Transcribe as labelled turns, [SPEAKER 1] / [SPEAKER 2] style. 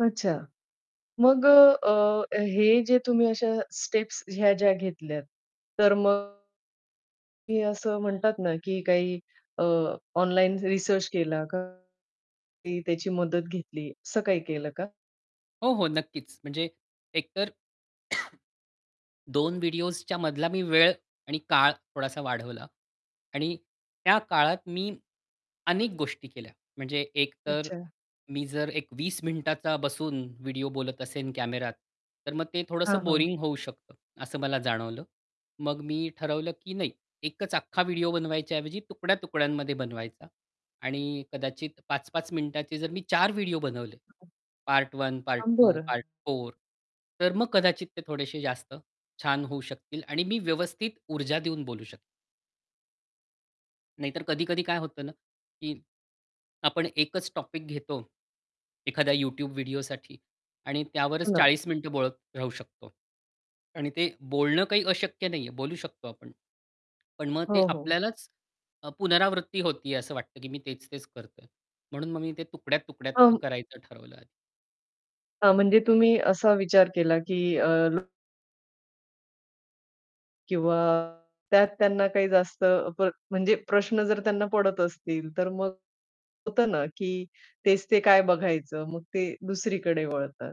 [SPEAKER 1] अच्छा मग अ, अ, हे जे तुम्ही अशा स्टेप्स ह्या ज्या घेतल्यात तर मग हे असं म्हणतात ना, की काही अ, ऑनलाइन रिसर्च केला का काही त्याची मदत घेतली, असं काही केलं का?
[SPEAKER 2] हो, हो, नक्कीच. म्हणजे एकतर 2 व्हिडिओसच्या मधला मी वेळ आणि काळ थोडासा वाढवला. आणि त्या काळात मी अनेक गोष्टी केल्या. म्हणजे एकतर
[SPEAKER 1] अच्छा.
[SPEAKER 2] मी जर एक 20 मिनिटाचा बसून व्हिडिओ बोलत असेन, कॅमेरात, तर मग ते
[SPEAKER 1] हां,
[SPEAKER 2] थोडंसं
[SPEAKER 1] हां.
[SPEAKER 2] बोरिंग होऊ शकतं, असं मला जाणवलं. मग मी ठरवलं, की नाही एकच अख्खा व्हिडिओ बनवायच्या ऐवजी तुकड्या-तुकड्यांमध्ये बनवायचा. आणि कदाचित 5-5 मिनिटाचे जर मी 4 व्हिडिओ बनवले.
[SPEAKER 1] हां, हां.
[SPEAKER 2] पार्ट 1, पार्ट
[SPEAKER 1] अं,
[SPEAKER 2] 2,
[SPEAKER 1] बरं.
[SPEAKER 2] पार्ट 4, तर मग कदाचित ते थोडेशे जास्त छान होऊ शकतील आणि मी व्यवस्थित ऊर्जा देऊन बोलू शक नाहीतर कधी-कधी काय होतं ना, की आपण एकच टॉपिक घेतो, एखाद्या YouTube व्हिडिओसाठी आणि
[SPEAKER 1] हो
[SPEAKER 2] त्यावरच
[SPEAKER 1] ना.
[SPEAKER 2] 40 मिनिटे बोलत राहू शकतो. आणि ते बोलणं काही अशक्य नाहीये, बोलू शकतो आपण, पण मग ते
[SPEAKER 1] हो, हो.
[SPEAKER 2] आपल्यालाच अ, पुनरावृत्ती होती असं वाटतं, की मी तेच-तेच करतोय. म्हणून मग मी ते तुकड्या-तुकड्यात ते
[SPEAKER 1] अं
[SPEAKER 2] करायचं ठरवलंय आ
[SPEAKER 1] हां, म्हणजे तुम्ही असा विचार केला, की अ, लो किंवा त्यात त्यांना काही जास्त प्र म्हणजे प्रश्न जर त्यांना पडत असतील, तर मग होतं ना, की तेच ते काय बघायचं? मग ते दुसरीकडे वळतात.